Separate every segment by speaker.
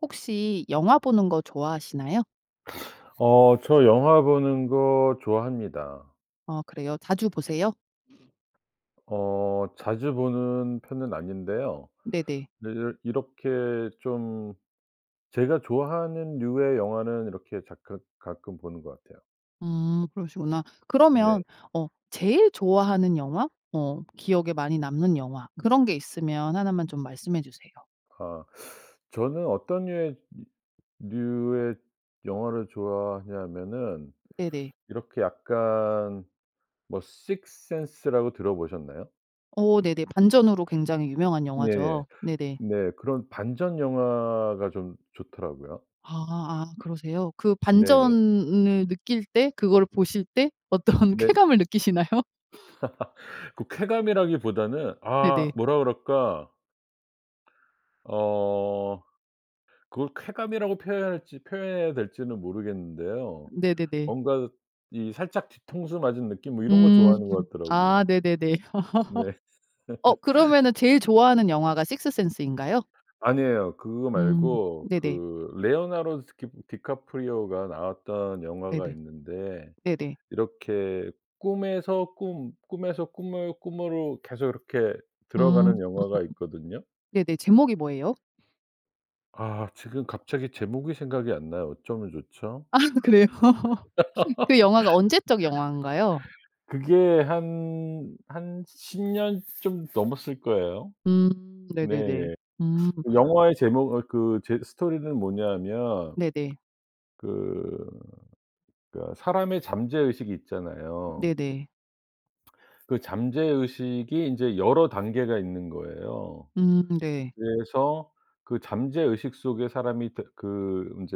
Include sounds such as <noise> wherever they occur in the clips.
Speaker 1: 혹시 영화 보는 거 좋아하시나요?
Speaker 2: 어 저 영화 보는 거 좋아합니다.
Speaker 1: 어 그래요 자주 보세요?
Speaker 2: 어 자주 보는 편은 아닌데요.
Speaker 1: 네네.
Speaker 2: 네. 이렇 이렇게 좀 제가 좋아하는 류의 영화는 이렇게 자끄 가끔 보는 것 같아요.
Speaker 1: 음 그러시구나. 그러면
Speaker 2: 네.
Speaker 1: 어 제일 좋아하는 영화 어 기억에 많이 남는 영화 그런 게 있으면 1 만 좀 말씀해 주세요.
Speaker 2: 아 저는 어떤 류의 류 류의 영화를 좋아하냐면은
Speaker 1: 네네.
Speaker 2: 이렇게 약간 뭐 식스센스라고 들어보셨나요?
Speaker 1: 어 네네. 반전으로 굉장히 유명한
Speaker 2: 네네.
Speaker 1: 영화죠. 네네.
Speaker 2: 네. 그런 반전 영화가 좀 좋더라고요.
Speaker 1: 아아 그러세요. 그
Speaker 2: 네네.
Speaker 1: 반전을 느낄 때, 그걸 보실 때 어떤
Speaker 2: 네.
Speaker 1: 쾌감을 느끼시나요?
Speaker 2: <laughs> 꼭 쾌감이라기보다는 아
Speaker 1: 네네.
Speaker 2: 뭐라 그럴까. 어 그걸 쾌감이라고 표현해야 할지 표현해야 될지는 모르겠는데요.
Speaker 1: 네네네.
Speaker 2: 뭔가 이 살짝 뒤통수 맞은 느낌 뭐 이런 거
Speaker 1: 음.
Speaker 2: 좋아하는 것
Speaker 1: 아
Speaker 2: 같더라고요.
Speaker 1: 네네네.
Speaker 2: 네.
Speaker 1: <laughs> 어 그러면 제일 좋아하는
Speaker 2: <laughs>
Speaker 1: 영화가 식스센스인가요?
Speaker 2: 아니에요. 그거
Speaker 1: 음.
Speaker 2: 말고
Speaker 1: 네네.
Speaker 2: 그 레어나르 스키 디카프리오가 나왔던 영화가
Speaker 1: 네네.
Speaker 2: 있는데
Speaker 1: 네네.
Speaker 2: 이렇게 꿈에서 꿈 꿈에서 꿈을 꿈으로 계속 이렇게
Speaker 1: 음.
Speaker 2: 들어가는 영화가 있거든요.
Speaker 1: 네네. 제목이 뭐예요?
Speaker 2: 아 지금 갑자기 제목이 생각이 안 나요. 어쩌면 좋죠.
Speaker 1: 아 그래요? 그 영화가 언제 적 영화인가요?
Speaker 2: <laughs> 그게 한, 한 10 년 좀 넘었을 거예요.
Speaker 1: 음.
Speaker 2: 네.
Speaker 1: 네네네. 음.
Speaker 2: 영화의 제목 어 그 제 스토리는 뭐냐면
Speaker 1: 네네.
Speaker 2: 그 그러니까 사람의 잠재의식 있잖아요
Speaker 1: 네네.
Speaker 2: 그 잠재의식이 인제 여러 단계가 있는 거예요.
Speaker 1: 음. 네.
Speaker 2: 그래서 그 잠재의식 속에 사람이 다 그 인제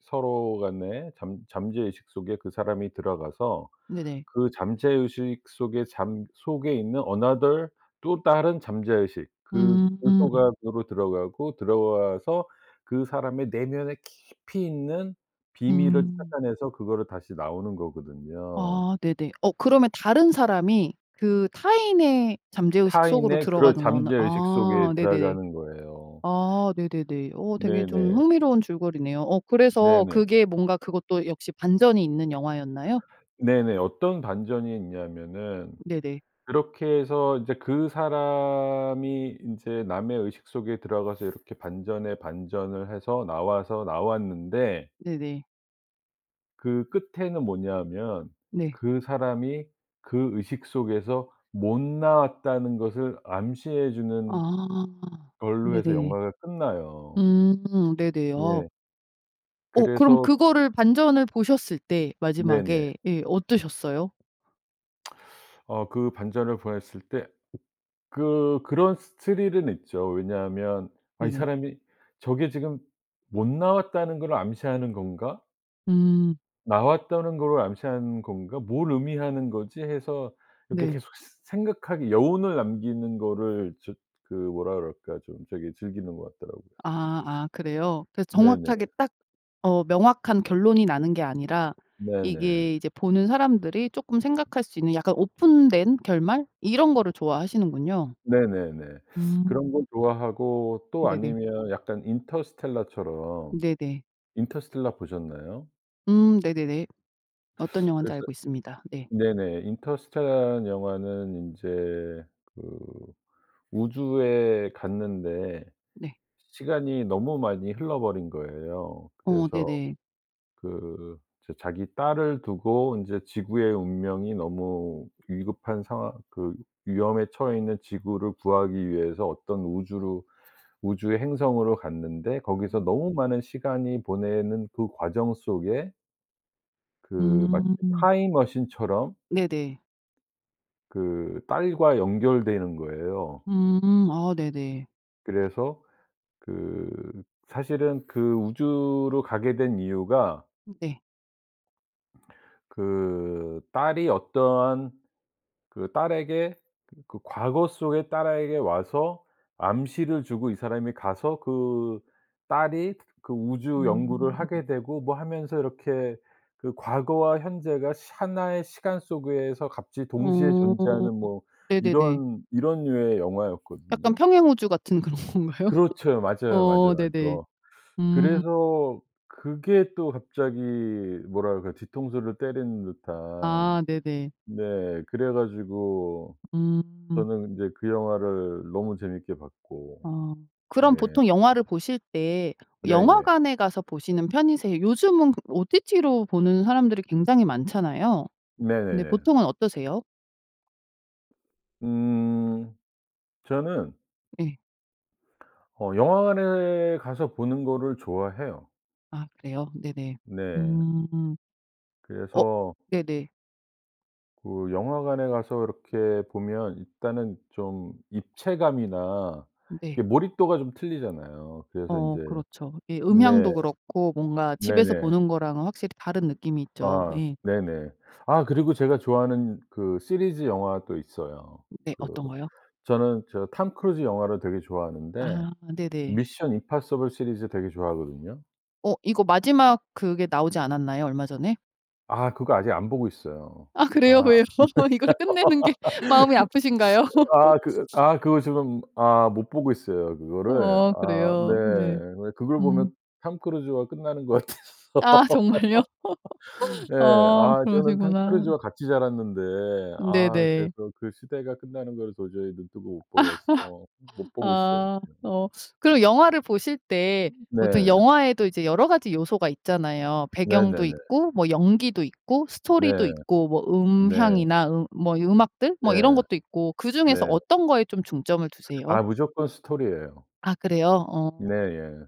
Speaker 2: 서로 간의 잠 잠재의식 속에 그 사람이 들어가서
Speaker 1: 네네.
Speaker 2: 그 잠재의식 속에 잠 속에 있는 another 또 다른 잠재의식 그 그
Speaker 1: 음.
Speaker 2: 속 안으로 들어가고 들어와서 그 사람의 내면의 깊이 있는 비밀을
Speaker 1: 음.
Speaker 2: 찾아내서 그걸 다시 나오는 거거든요.
Speaker 1: 아 네네. 어 그러면 다른 사람이 그 타인의 잠재의식 속으로
Speaker 2: 타인의 그런
Speaker 1: 들어가는 거는
Speaker 2: 잠재의식 속에
Speaker 1: 아 네네.
Speaker 2: 들어가는 거예요.
Speaker 1: 아 네네네. 어 되게 좀
Speaker 2: 네네.
Speaker 1: 흥미로운 줄거리네요. 어 그래서
Speaker 2: 네네.
Speaker 1: 그게 뭔가 그것도 역시 반전이 있는 영화였나요?
Speaker 2: 네네. 어떤 반전이 있냐면은
Speaker 1: 네네.
Speaker 2: 그렇게 해서 이제 그 사람이 인제 남의 의식 속에 들어가서 이렇게 반전에 반전을 해서 나와서 나왔는데
Speaker 1: 네네.
Speaker 2: 그 끝에는 뭐냐 하면
Speaker 1: 네.
Speaker 2: 그 사람이 그 의식 속에서 못 나왔다는 것을 암시해 주는
Speaker 1: 아.
Speaker 2: 걸로 해서
Speaker 1: 네네.
Speaker 2: 영화가 끝나요.
Speaker 1: 음 네네. 어.
Speaker 2: 네.
Speaker 1: 어 그럼
Speaker 2: 그래서
Speaker 1: 그거를 반전을 보셨을 때
Speaker 2: 네네.
Speaker 1: 마지막에 예 어떠셨어요?
Speaker 2: 어 그 반전을 보냈을 때 그 그런 스 스릴은 있죠. 왜냐하면 아 '이
Speaker 1: 네네.
Speaker 2: 사람이 저게 지금 못 나왔다는 걸 암시하는 건가?'
Speaker 1: 음.
Speaker 2: '나왔다는 걸 암시하는 건가? 뭘 의미하는 거지?' 해서 이렇게
Speaker 1: 네.
Speaker 2: 계속 스 생각하게 여운을 남기는 거를 저 그 뭐라 그럴까 좀 저기 즐기는 것 같더라고요.
Speaker 1: 아 아. 그래요. 그래서
Speaker 2: 네네.
Speaker 1: 정확하게 딱 어 명확한 결론이 나는 게 아니라
Speaker 2: 네네.
Speaker 1: 이게 이제 보는 사람들이 쪼끔 생각할 수 있는 약간 오픈된 결말? 이런 거를 좋아하시는군요.
Speaker 2: 네네네.
Speaker 1: 음.
Speaker 2: 그런 거 좋아하고 또
Speaker 1: 네네.
Speaker 2: 아니면 약간 인터스텔라처럼
Speaker 1: 네네.
Speaker 2: 인터스텔라 보셨나요?
Speaker 1: 음 네네네. 어떤 영화인지
Speaker 2: 그래서
Speaker 1: 알고 있습니다. 예.
Speaker 2: 네네 인터스텔라 영화는 인제 그 우주에 갔는데
Speaker 1: 네.
Speaker 2: 시간이 너무 많이 흘러 버린 거예요.
Speaker 1: 어
Speaker 2: 그래서
Speaker 1: 네네.
Speaker 2: 그 이제 자기 딸을 두고 인제 지구의 운명이 너무 위급한 상황 그 위험에 처해 있는 지구를 구하기 위해서 어떤 우주로 우주의 행성으로 갔는데 거기서 너무 많은 시간이 보내는 그 과정 속에 그 마치
Speaker 1: 음.
Speaker 2: 타임머신처럼
Speaker 1: 네네.
Speaker 2: 그 딸과 연결되는 거예요.
Speaker 1: 음. 아 네네.
Speaker 2: 그래서 그 사실은 그 우주로 가게 된 이유가
Speaker 1: 네.
Speaker 2: 그 딸이 어떠한 그 딸에게 그 과거 속에 딸에게 와서 암시를 주고 이 사람이 가서 그 딸이 그 우주 연구를
Speaker 1: 음.
Speaker 2: 하게 되고 뭐 하면서 이렇게 그 과거와 현재가 시 하나의 시간 속에서 갑자기 동시에
Speaker 1: 어.
Speaker 2: 존재하는 뭐
Speaker 1: 네네네.
Speaker 2: 이런, 이런 류의
Speaker 1: 약간
Speaker 2: 영화였거든요.
Speaker 1: 평행우주 같은 그런 건가요? <laughs>
Speaker 2: 그렇죠. 맞아요.
Speaker 1: 어.
Speaker 2: 맞아요. 맞어.
Speaker 1: 네네.
Speaker 2: 또
Speaker 1: 음.
Speaker 2: 그래서 그게 또 갑자기 뭐랄까 뒤통수를 때리는 듯한
Speaker 1: 아 네네.
Speaker 2: 네. 그래 가지고
Speaker 1: 음.
Speaker 2: 저는 근데 그 영화를 너무 재밌게 봤고.
Speaker 1: 아. 그럼
Speaker 2: 예.
Speaker 1: 보통 영화를 보실 때
Speaker 2: 예예.
Speaker 1: 영화관에 가서 보시는 편이세 요즘은 그 OTT로 보는 사람들이 굉장히 많잖아요. 근데
Speaker 2: 네네네.
Speaker 1: 보통은 어떠세요?
Speaker 2: 음. 저는
Speaker 1: 예.
Speaker 2: 어 영화관에 가서 보는 거를 좋아해요.
Speaker 1: 아 그래요. 네네.
Speaker 2: 네.
Speaker 1: 음. 어
Speaker 2: 그래서
Speaker 1: 네네.
Speaker 2: 그 영화관에 가서 이렇게 보면 일단은 좀 입체감이나
Speaker 1: 네.
Speaker 2: 이게 몰입도가 좀 틀리잖아요. 그래서
Speaker 1: 어.
Speaker 2: 인제
Speaker 1: 그렇죠. 예.
Speaker 2: 네.
Speaker 1: 음향도 그렇고 뭔가 집에서
Speaker 2: 네네.
Speaker 1: 보는 거랑은 확실히 다른 느낌이 있죠.
Speaker 2: 아
Speaker 1: 예.
Speaker 2: 네네. 아 그리고 제가 좋아하는 그 시리즈 영화도 있어요.
Speaker 1: 네.
Speaker 2: 그
Speaker 1: 어떤 거요?
Speaker 2: 저는 저 톰 크루즈 영화를 되게 좋아하는데
Speaker 1: 아. 네네.
Speaker 2: 미션 임파서블 시리즈 되게 좋아하거든요.
Speaker 1: 어. 이거 마지막 그게 나오지 않았나요? 얼마 전에?
Speaker 2: 아 그거 아직 안 보고 있어요.
Speaker 1: 아.
Speaker 2: 아.
Speaker 1: 그래요 왜요? 이걸 끝내는 게 마음이 아프신가요?
Speaker 2: <laughs> 아 그
Speaker 1: <laughs>
Speaker 2: 아 그거 지금 아 못 보고 있어요 그거를.
Speaker 1: 아.
Speaker 2: 아
Speaker 1: 그래요 네.
Speaker 2: 네. 그걸
Speaker 1: 음.
Speaker 2: 보면 톰 크루즈가 끝나는 것 같아서.
Speaker 1: 아. 정말요? <laughs>
Speaker 2: <laughs> 예
Speaker 1: 아
Speaker 2: 아 저는 톰
Speaker 1: 그러시구나.
Speaker 2: 크루즈와 같이 자랐는데 아
Speaker 1: 네네.
Speaker 2: 그래서 그 시대가 끝나는 거를 도저히 눈뜨고 못 보겠어 못
Speaker 1: <laughs>
Speaker 2: 보고 있어요
Speaker 1: 아.
Speaker 2: 지금.
Speaker 1: 어. 그리고 영화를 보실 때 보통
Speaker 2: 네.
Speaker 1: 영화에도 이제 여러 가지 요소가 있잖아요. 배경도
Speaker 2: 네네네.
Speaker 1: 있고 뭐 연기도 있고 스토리도
Speaker 2: 네.
Speaker 1: 있고 뭐
Speaker 2: 네.
Speaker 1: 음향이나 음 뭐 음악들?
Speaker 2: 네.
Speaker 1: 뭐 이런 것도 있고 그중에서
Speaker 2: 네.
Speaker 1: 어떤 거에 좀 중점을 두세요?
Speaker 2: 아 무조건 스토리예요.
Speaker 1: 아 그래요. 어.
Speaker 2: 네예.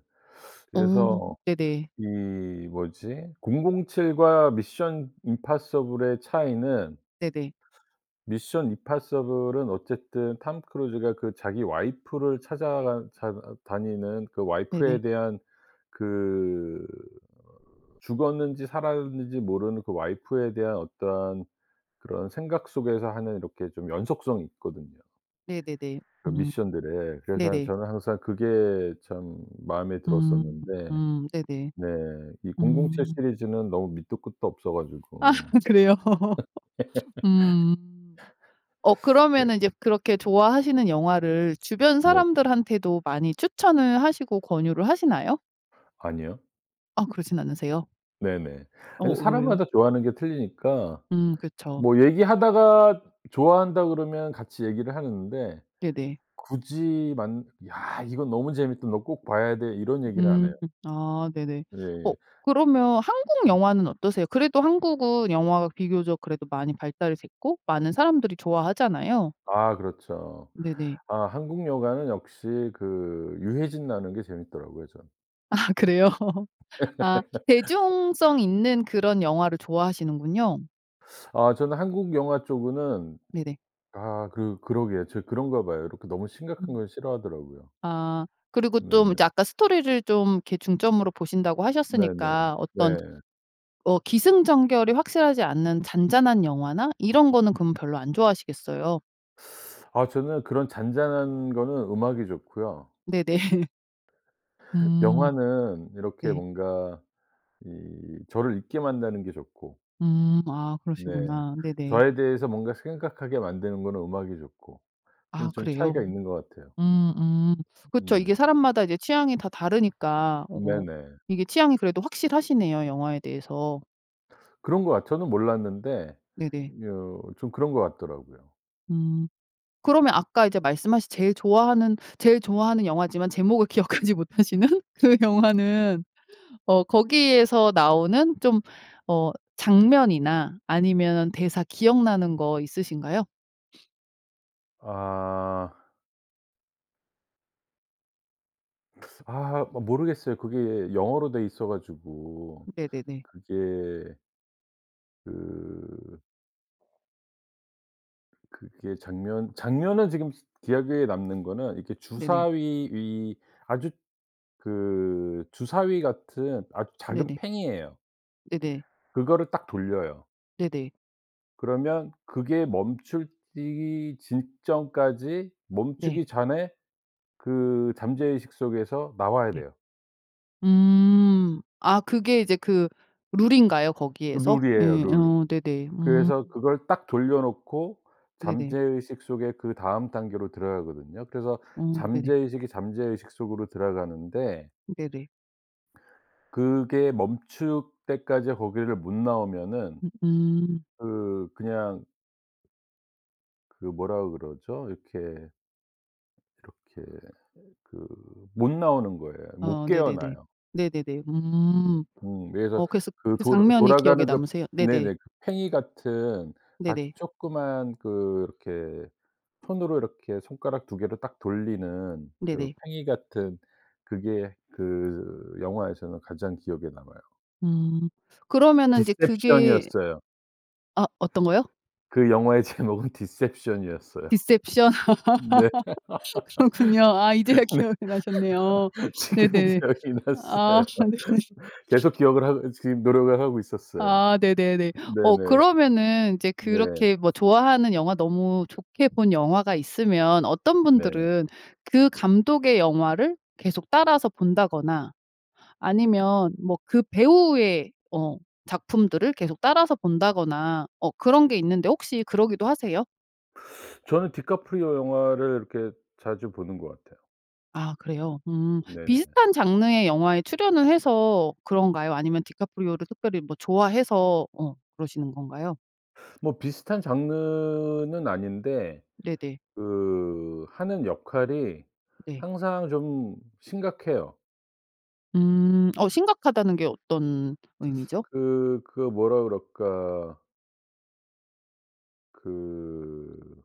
Speaker 1: 어
Speaker 2: 그래서
Speaker 1: 네네.
Speaker 2: 이 뭐지. 007 과 미션 임파서블의 차이는
Speaker 1: 네네.
Speaker 2: 미션 임파서블은 어쨌든 톰 크루즈가 그 자기 와이프를 찾아가 삶 다니는 그
Speaker 1: 네네.
Speaker 2: 와이프에 대한 그 죽었는지 살았는지 모르는 그 와이프에 대한 어떠한 그런 생각 속에서 하는 이렇게 좀 연속성이 있거든요.
Speaker 1: 네네네.
Speaker 2: 그
Speaker 1: 음
Speaker 2: 미션들에. 그래서
Speaker 1: 네네.
Speaker 2: 저는 항상 그게 참 마음에
Speaker 1: 음.
Speaker 2: 들었었는데.
Speaker 1: 음. 네네.
Speaker 2: 네. 이 007
Speaker 1: 음.
Speaker 2: 시리즈는 너무 밑도 끝도 없어
Speaker 1: 아
Speaker 2: 가지고.
Speaker 1: 그래요. <laughs> 음. 어 그러면은
Speaker 2: <laughs>
Speaker 1: 이제 그렇게
Speaker 2: 그
Speaker 1: 좋아하시는 영화를 주변
Speaker 2: 네.
Speaker 1: 사람들한테도 많이 추천을 하시고 권유를 하시나요?
Speaker 2: 아니요.
Speaker 1: 아 그러진 않으세요?
Speaker 2: 네네.
Speaker 1: 어
Speaker 2: 아니
Speaker 1: 왜요?
Speaker 2: 사람마다 좋아하는 게 틀리니까.
Speaker 1: 음 그쵸.
Speaker 2: 뭐 얘기하다가 좋아한다 그러면 같이 얘기를 하는데
Speaker 1: 네네.
Speaker 2: 굳이 만 "야 이거 너무 재밌다. 너 꼭 봐야 돼." 이런 얘기는 안
Speaker 1: 음.
Speaker 2: 해요.
Speaker 1: 아 네네. 어
Speaker 2: 예예.
Speaker 1: 그러면 한국 영화는 어떠세요? 그래도 한국은 영화가 비교적 그래도 많이 발달이 됐고 많은 사람들이 좋아하잖아요.
Speaker 2: 아 그렇죠.
Speaker 1: 네네.
Speaker 2: 아 한국 영화는 역시 그 유해진 나오는 게 재밌더라고요 저는.
Speaker 1: 아 그래요. <laughs> 아. 대중성
Speaker 2: <laughs>
Speaker 1: 있는 그런 영화를 좋아하시는군요.
Speaker 2: 아 저는 한국 영화 쪽으는
Speaker 1: 네네.
Speaker 2: 아 그 그러게요 제가 그런가 봐요. 이렇게 너무 심각한
Speaker 1: 음.
Speaker 2: 거 싫어하더라고요.
Speaker 1: 아. 그리고 좀
Speaker 2: 네네.
Speaker 1: 아까 스토리를 좀 이렇게 중점으로 보신다고
Speaker 2: 네네.
Speaker 1: 하셨으니까 어떤
Speaker 2: 네.
Speaker 1: 어 기승전결이 확실하지 않는 잔잔한 영화나 이런 거는 그럼 별로 안 좋아하시겠어요.
Speaker 2: <sucks teeth> 아 저는 그런 잔잔한 거는 음악이 좋고요.
Speaker 1: 네네. <laughs> 음.
Speaker 2: 영화는 이렇게
Speaker 1: 네.
Speaker 2: 뭔가 이 저를 잊게 만드는 게 좋고.
Speaker 1: 음. 아
Speaker 2: 네.
Speaker 1: 그러시구나. 네네.
Speaker 2: 저에 대해서 뭔가 생각하게 만드는 거는 음악이 좋고 그건
Speaker 1: 아
Speaker 2: 좀 차이가
Speaker 1: 그래요.
Speaker 2: 있는 것 같아요.
Speaker 1: 음. 음. 그쵸.
Speaker 2: 네네.
Speaker 1: 이게 사람마다 이제 취향이 다 다르니까. 어
Speaker 2: 네네.
Speaker 1: 이게 취향이 그래도 확실하시네요 영화에 대해서.
Speaker 2: 그런 것 같 저는 몰랐는데
Speaker 1: 네네.
Speaker 2: 여 좀 그런 것 같더라고요.
Speaker 1: 음. 그러면 아까 이제 말씀하신 제일 좋아하는 제일 좋아하는 영화지만 제목을 기억하지 못하시는 그 영화는 어 거기에서 나오는 좀 어 장면이나 아니면은 대사 기억나는 거 있으신가요? <sniffs>
Speaker 2: 아. <sucks teeth> 아. 모 모르겠어요 그게 영어로 되어 있어 가지고
Speaker 1: 네네네.
Speaker 2: 그게 그 그게 장면, 장면에 지금 스 기억에 남는 거는 이렇게
Speaker 1: 네네.
Speaker 2: 주사위 위 아주 그 주사위 같은 아주 작은
Speaker 1: 네네.
Speaker 2: 팽이예요.
Speaker 1: 네네.
Speaker 2: 그거를 딱 돌려요.
Speaker 1: 네네.
Speaker 2: 그러면 그게 멈춰지기 직전까지
Speaker 1: 네.
Speaker 2: 멈추기 전에 그 잠재의식 속에서 나와야
Speaker 1: 네.
Speaker 2: 돼요.
Speaker 1: 음. 아 그게 이제 그 룰인가요 거기에서? 예.
Speaker 2: 룰이에요 룰.
Speaker 1: 어 네네. 음
Speaker 2: 그래서 그걸 딱 돌려놓고
Speaker 1: 네네.
Speaker 2: 잠재의식 속에 그다음 단계로 들어가거든요. 그래서
Speaker 1: 어. 네네.
Speaker 2: 잠재의식의 잠재의식 속으로 들어가는데
Speaker 1: 네네.
Speaker 2: 그게 멈출 때까지 거기를 못 나오면은
Speaker 1: 음.
Speaker 2: 그 그냥 그 뭐라 그러죠 이렇게, 이렇게 그 못 나오는 거예요. 못
Speaker 1: 아 네네네.
Speaker 2: 깨어나요.
Speaker 1: 네네네.
Speaker 2: 으.
Speaker 1: 음.
Speaker 2: 음. 그래서
Speaker 1: 어 그래서
Speaker 2: 그
Speaker 1: 그
Speaker 2: 돌
Speaker 1: 장면이 기억에
Speaker 2: 돌아가는 겁
Speaker 1: 남으세요? 네네.
Speaker 2: 네네. 팽이 같은 아주
Speaker 1: 네네.
Speaker 2: 쪼끄만 그렇게 손으로 이렇게 손가락 2 개로 딱 돌리는 그
Speaker 1: 네네.
Speaker 2: 팽이 같은 그게 그 영화에서는 가장 기억에 남아요.
Speaker 1: 음. 그러면은 이제 그게
Speaker 2: 디셉션이었어요.
Speaker 1: 아. 어떤 거요?
Speaker 2: 그 영화의 제목은 디셉션이었어요.
Speaker 1: 디셉션.
Speaker 2: 네.
Speaker 1: <laughs> 그렇군요. 아 이제야
Speaker 2: 네.
Speaker 1: 기억이 나셨네요.
Speaker 2: 지금
Speaker 1: 네네.
Speaker 2: 기억이
Speaker 1: 아
Speaker 2: 났어요.
Speaker 1: 네네.
Speaker 2: <laughs> 계속
Speaker 1: <laughs>
Speaker 2: 기억을 하고 이 지금 노력을 하고 있었어요.
Speaker 1: 아 네네네. 어
Speaker 2: 네네.
Speaker 1: 그러면은 인제
Speaker 2: 네.
Speaker 1: 그렇게 뭐 좋아하는 영화 너무 좋게 본 영화가 있으면 어떤
Speaker 2: 네.
Speaker 1: 분들은 그 감독의 영화를 계속 따라서 본다거나 아니면 뭐 그 배우의 어 작품들을 계속 따라서 본다거나 어 그런 게 있는데 혹시 그러기도 하세요?
Speaker 2: 저는 디카프리오 영화를 이렇게 자주 보는 것 같아요.
Speaker 1: 아 그래요. 음
Speaker 2: 네네.
Speaker 1: 비슷한 장르의 영화에 출연을 해서 그런가요? 아니면 디카프리오를 특별히 뭐 좋아해서 어 그러시는 건가요?
Speaker 2: 뭐 비슷한 장르는 아닌데
Speaker 1: 네네.
Speaker 2: 그 하는 역할이
Speaker 1: 네.
Speaker 2: 항상 좀 심각해요.
Speaker 1: 음. 어 심각하다는 게 어떤 의미죠?
Speaker 2: 그 그 뭐라 그럴까 그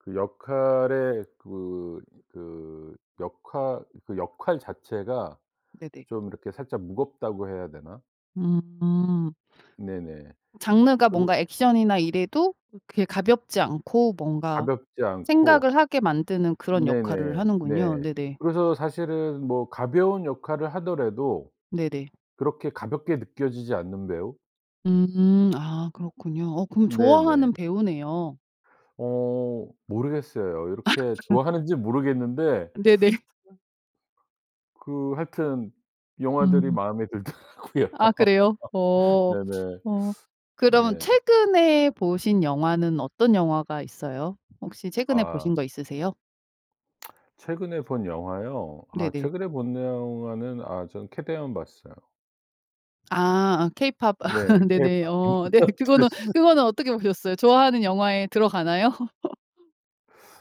Speaker 2: 그 역할에 그 그 역할 그 역할 자체가
Speaker 1: 네네.
Speaker 2: 좀 이렇게 살짝 무겁다고 해야 되나?
Speaker 1: 음.
Speaker 2: 네네.
Speaker 1: 장르가
Speaker 2: 그렇
Speaker 1: 뭔가 액션이나 이래도 그렇게 가볍지 않고 뭔가
Speaker 2: 가볍지 않고
Speaker 1: 생각을 하게 만드는 그런 역할을
Speaker 2: 네네. 네.
Speaker 1: 하는군요. 네네.
Speaker 2: 그래서 사실은 뭐 가벼운 역할을 하더라도
Speaker 1: 네네.
Speaker 2: 그렇게 가볍게 느껴지지 않는 배우?
Speaker 1: 음. 아 그렇군요. 어 그럼
Speaker 2: 네네.
Speaker 1: 좋아하는 배우네요.
Speaker 2: 어. 모르겠어요. 이렇게
Speaker 1: <laughs>
Speaker 2: 좋아하는지 모르겠는데
Speaker 1: 네네.
Speaker 2: <sucks teeth> 그 하여튼 영화들이
Speaker 1: 음.
Speaker 2: 마음에 들더라고요.
Speaker 1: 아 그래요?
Speaker 2: <laughs>
Speaker 1: 어.
Speaker 2: 네네.
Speaker 1: 어. 그럼
Speaker 2: 네.
Speaker 1: 최근에 보신 영화는 어떤 영화가 있어요? 혹시 최근에 보신
Speaker 2: 아.
Speaker 1: 거 있으세요?
Speaker 2: <smacks lips> 최근에 본 영화요? 아
Speaker 1: 네네.
Speaker 2: 최근에 본 영화는 아 전 케데헌 봤어요.
Speaker 1: 아. 아 K-POP
Speaker 2: 네.
Speaker 1: <laughs>
Speaker 2: 그게
Speaker 1: 네네.
Speaker 2: 다
Speaker 1: 어 네.
Speaker 2: <laughs> 들
Speaker 1: 그거는
Speaker 2: 쑨
Speaker 1: 그거는 어떻게 보셨어요? 좋아하는 영화에 들어가나요? <laughs>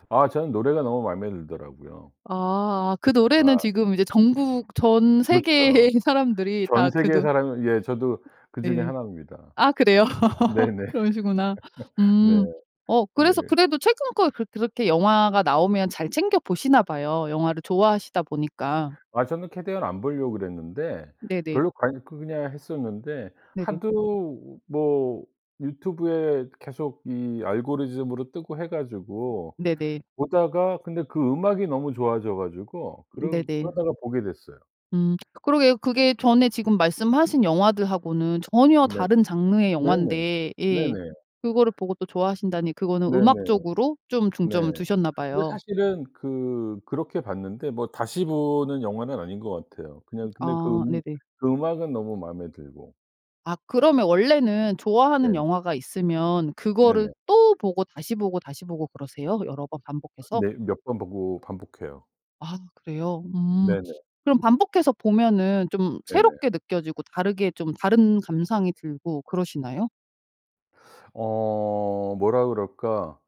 Speaker 2: 아 전 노래가 너무 맘에 들더라고요.
Speaker 1: 아. 아 그 노래는
Speaker 2: 아.
Speaker 1: 지금 이제 전국 전
Speaker 2: 그렇죠.
Speaker 1: 세계의 사람들이
Speaker 2: 전
Speaker 1: 다 그
Speaker 2: 세계의
Speaker 1: 노
Speaker 2: 사람이 예 저도 그중에
Speaker 1: 네.
Speaker 2: 1 입니다.
Speaker 1: 아 그래요? <laughs>
Speaker 2: 네네.
Speaker 1: 그러시구나.
Speaker 2: <laughs> 네.
Speaker 1: 음. 어 그래서
Speaker 2: 네.
Speaker 1: 그래도 최근 거 그렇 그렇게 영화가 나오면 잘 챙겨 보시나 봐요 영화를 좋아하시다 보니까.
Speaker 2: 아 저는 캐데헌 안 보려고 그랬는데
Speaker 1: 네네.
Speaker 2: 별로 관 그냥 했었는데
Speaker 1: 네네.
Speaker 2: 하도 뭐 유튜브에 계속 이 알고리즘으로 뜨고 해 가지고
Speaker 1: 네네.
Speaker 2: 보다가 근데 그 음악이 너무 좋아져 가지고 그러
Speaker 1: 네네.
Speaker 2: 그러다가 보게 됐어요.
Speaker 1: 음. <smacks lips> 그러게요 그게 전에 지금 말씀하신 영화들하고는 전혀
Speaker 2: 네.
Speaker 1: 다른 장르의
Speaker 2: 네네.
Speaker 1: 영화인데 예
Speaker 2: 네네.
Speaker 1: 그걸 보고 또 좋아하신다니 그거는
Speaker 2: 네네.
Speaker 1: 음악적으로 좀
Speaker 2: 네.
Speaker 1: 중점을 두셨나
Speaker 2: 근데
Speaker 1: 봐요.
Speaker 2: 사실은 그 그렇게 봤는데 뭐 다시 보는 영화는 아닌 것 같아요. 그냥 근데 그,
Speaker 1: 아. 네네.
Speaker 2: 그 음악은 너무 마음에 들고.
Speaker 1: 아 그러면 원래는
Speaker 2: 네.
Speaker 1: 좋아하는 영화가 있으면 그거를
Speaker 2: 네네.
Speaker 1: 또 보고 다시 보고, 다시 보고 그러세요? 여러 번 반복해서?
Speaker 2: 네. 몇 번 보고 반복해요.
Speaker 1: 아 그래요? 음.
Speaker 2: 네네.
Speaker 1: 그럼 반복해서 보면은 좀
Speaker 2: 네네.
Speaker 1: 새롭게 느껴지고 다르게 좀 다른 감상이 들고 그러시나요?
Speaker 2: 어 뭐라 그럴까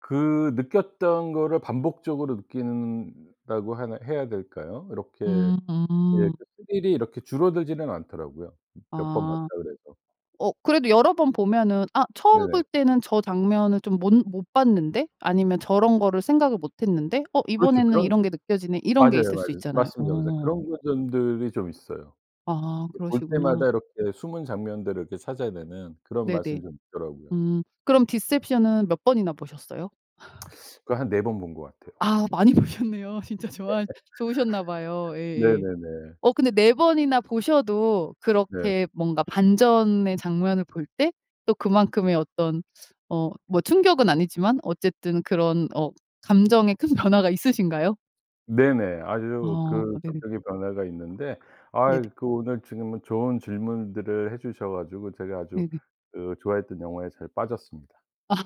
Speaker 2: 그 느꼈던 것을 반복적으로 느낀다고 하나 해야 될까요? 이렇게 이
Speaker 1: 음.
Speaker 2: 스릴이 이렇게 줄어들지는 않더라고요 몇 번 봤다
Speaker 1: 아.
Speaker 2: 그래서.
Speaker 1: 어 그래도 여러 번 보면은 아 '처음
Speaker 2: 네네.
Speaker 1: 볼 때는 저 장면을 좀 몬 못 봤는데?' 아니면 '저런 거를 생각을 못 했는데 어
Speaker 2: 그렇죠.
Speaker 1: 이번에는
Speaker 2: 그런
Speaker 1: 이런 게 느껴지네?' 이런 게
Speaker 2: 맞아요
Speaker 1: 있을 수
Speaker 2: 맞아요.
Speaker 1: 있잖아요.
Speaker 2: 맞습니다. 맞아요.
Speaker 1: 어.
Speaker 2: 그런 거 점들이 좀 있어요.
Speaker 1: 아
Speaker 2: 이렇게 볼
Speaker 1: 그러시구나.
Speaker 2: 때마다 이렇게 숨은 장면들을 이렇게 찾아내는 그런
Speaker 1: 네네.
Speaker 2: 맛은 좀 있더라고요.
Speaker 1: 음. 그럼 디셉션은 몇 번이나 보셨어요?
Speaker 2: <smacks lips> <sucks teeth> 그거 한 4 번 본 것 같아요.
Speaker 1: 아 많이 보셨네요. 진짜 좋아하 좋으셨나 봐요.
Speaker 2: <laughs>
Speaker 1: 예예.
Speaker 2: 네네네.
Speaker 1: 어 근데 4 번이나 보셔도
Speaker 2: 네.
Speaker 1: 그렇게 뭔가 반전의 장면을 볼 때 또 그만큼의 어떤 어 뭐 충격은 아니지만 어쨌든 그런 어 감정의 큰 변화가 있으신가요?
Speaker 2: 네네. 아주
Speaker 1: 어
Speaker 2: 그
Speaker 1: 네네.
Speaker 2: 감정의 변화가 있는데.
Speaker 1: 네네.
Speaker 2: 아이 그 오늘 지금은 좋은 질문들을 해 주셔 가지고 제가 아주
Speaker 1: 네네.
Speaker 2: 그 좋아했던 영화에 잘 빠졌습니다.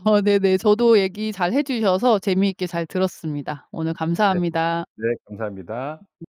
Speaker 1: 어 네네. 저도 얘기 잘 해 주셔서 재미있게 잘 들었습니다. 오늘
Speaker 2: 네.
Speaker 1: 감사합니다.
Speaker 2: 네 감사합니다.